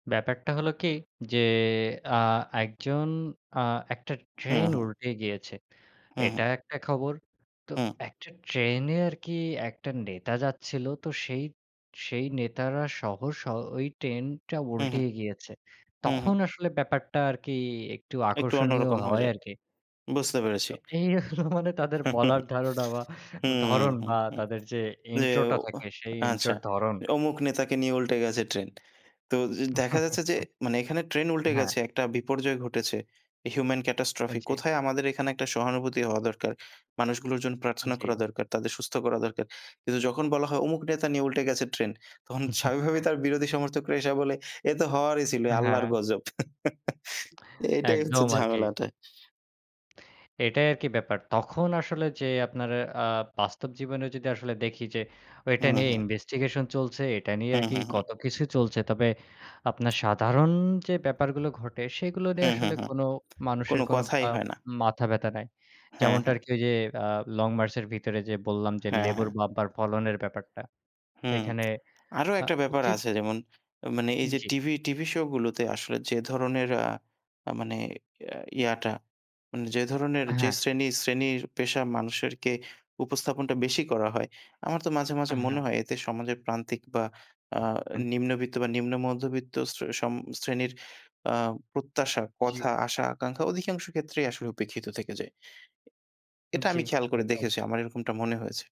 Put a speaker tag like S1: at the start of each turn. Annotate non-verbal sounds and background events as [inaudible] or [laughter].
S1: ব্যাপারটা হলো কি যে আ একজন, আ একটা
S2: হ্যাঁ,
S1: ট্রেন
S2: হ্যাঁ।
S1: উল্টে গিয়েছে।
S2: হ্যাঁ।
S1: এটা একটা খবর। তো
S2: হ্যাঁ।
S1: একটা ট্রেনে আরকি একটা নেতা যাচ্ছিলো। তো সেই, সেই নেতারাসহ সহ স ওই ট্রেনটা
S2: হ্যাঁ, হ্যাঁ।
S1: উল্টিয়ে গিয়েছে।
S2: হ্যাঁ, হ্যাঁ।
S1: তখন আসলে ব্যাপারটা আরকি একটু
S2: একটু
S1: আকর্ষণীয়
S2: অন্যরকম হয়ে
S1: হয়
S2: যায়।
S1: আরকি।
S2: বুঝতে পেরেছি।
S1: তো এই [chuckles] মানে তাদের বলার
S2: [chuckles]
S1: ধারণা বা
S2: হুম,
S1: ধরন
S2: হু,
S1: বা
S2: হু।
S1: তাদের যে
S2: যে
S1: ইন্ট্রোটা
S2: ও
S1: থাকে সেই
S2: আচ্ছা,
S1: ইন্ট্রোর ধরণ
S2: অমুক নেতাকে নিয়ে উল্টে গেছে ট্রেন। তো দেখা যাচ্ছে
S1: [chuckles]
S2: যে, মানে এখানে ট্রেন উল্টে
S1: হ্যাঁ।
S2: গেছে। একটা বিপর্যয় ঘটেছে। হিউমেন
S1: আ
S2: catastrophe
S1: জ্বী।
S2: কোথায় আমাদের এখানে একটা সহানুভূতি হওয়া দরকার। মানুষগুলোর জন্য প্রার্থনা করা
S1: জী।
S2: দরকার। তাদের সুস্থ করা দরকার। কিন্তু যখন বলা হয় অমুক নেতা নিয়ে উল্টে গেছে ট্রেন, তখন স্বাভাবিকভাবে
S1: [chuckles]
S2: তার বিরোধী সমর্থকরা এসে বলে, "এ তো হওয়ারই ছিল আল্লাহর
S1: হ্যাঁ।
S2: গজব।" [chuckles] এটাই হচ্ছে
S1: একদম। আরকি।
S2: ঝামেলাটা।
S1: এটাই আরকি ব্যাপার। তখন আসলে যে আপনার আ বাস্তব জীবনে যদি আসলে দেখি যে,
S2: হু,
S1: এটা নিয়ে
S2: হু।
S1: ইনভেস্টিগেশন চলছে, এটা নিয়ে
S2: হু,
S1: আরকি
S2: হু, হু।
S1: কত কিছু চলছে। তবে আপনার সাধারণ যে ব্যাপারগুলো ঘটে সেগুলো
S2: হু,
S1: নিয়ে
S2: হু,
S1: আসলে
S2: হু।
S1: কোনো মানুষের
S2: কোনো
S1: কোনো
S2: কথাই
S1: আ
S2: হয় না।
S1: মাথা ব্যাথা নাই।
S2: হ্যাঁ,
S1: যেমনটা
S2: হ্যাঁ।
S1: আরকি ওই যে আ লং মার্চ এর ভিতরে যে বললাম যে
S2: হ্যাঁ,
S1: লেবুর
S2: হ্যাঁ।
S1: বাম্পার ফলনের ব্যাপারটা।
S2: হুম।
S1: এখানে
S2: [smacks lips] আরো
S1: আ
S2: একটা ব্যাপার
S1: উচিত
S2: আছে যেমন মানে এইযে
S1: জ্বি।
S2: টিভি টিভি শোগুলোতে আসলে যে ধরনের আ মানে এ ইয়াটা মানে যে ধরণের, যে
S1: হ্যাঁ।
S2: শ্রেণী শ্রেণীর পেশা মানুষেরকে উপস্থাপনটা বেশি করা হয়, আমার তো মাঝে,
S1: আ
S2: মাঝে মনে
S1: হ্যাঁ।
S2: হয়, এতে সমাজের প্রান্তিক বা আ
S1: [chuckles]
S2: নিম্নবিত্ত বা নিম্ন মধ্যবিত্ত শ্রে সম শ্রেণীর আ প্রত্যাশা,
S1: জি।
S2: কথা, আশা-আকাঙ্খা অধিকাংশ ক্ষেত্রেই আসলে উপেক্ষিত থেকে যায়। এ এটা
S1: জ্বী।
S2: আমি খেয়াল করে
S1: একদম।
S2: দেখেছি। আমার এরকমটা মনে হয়েছে।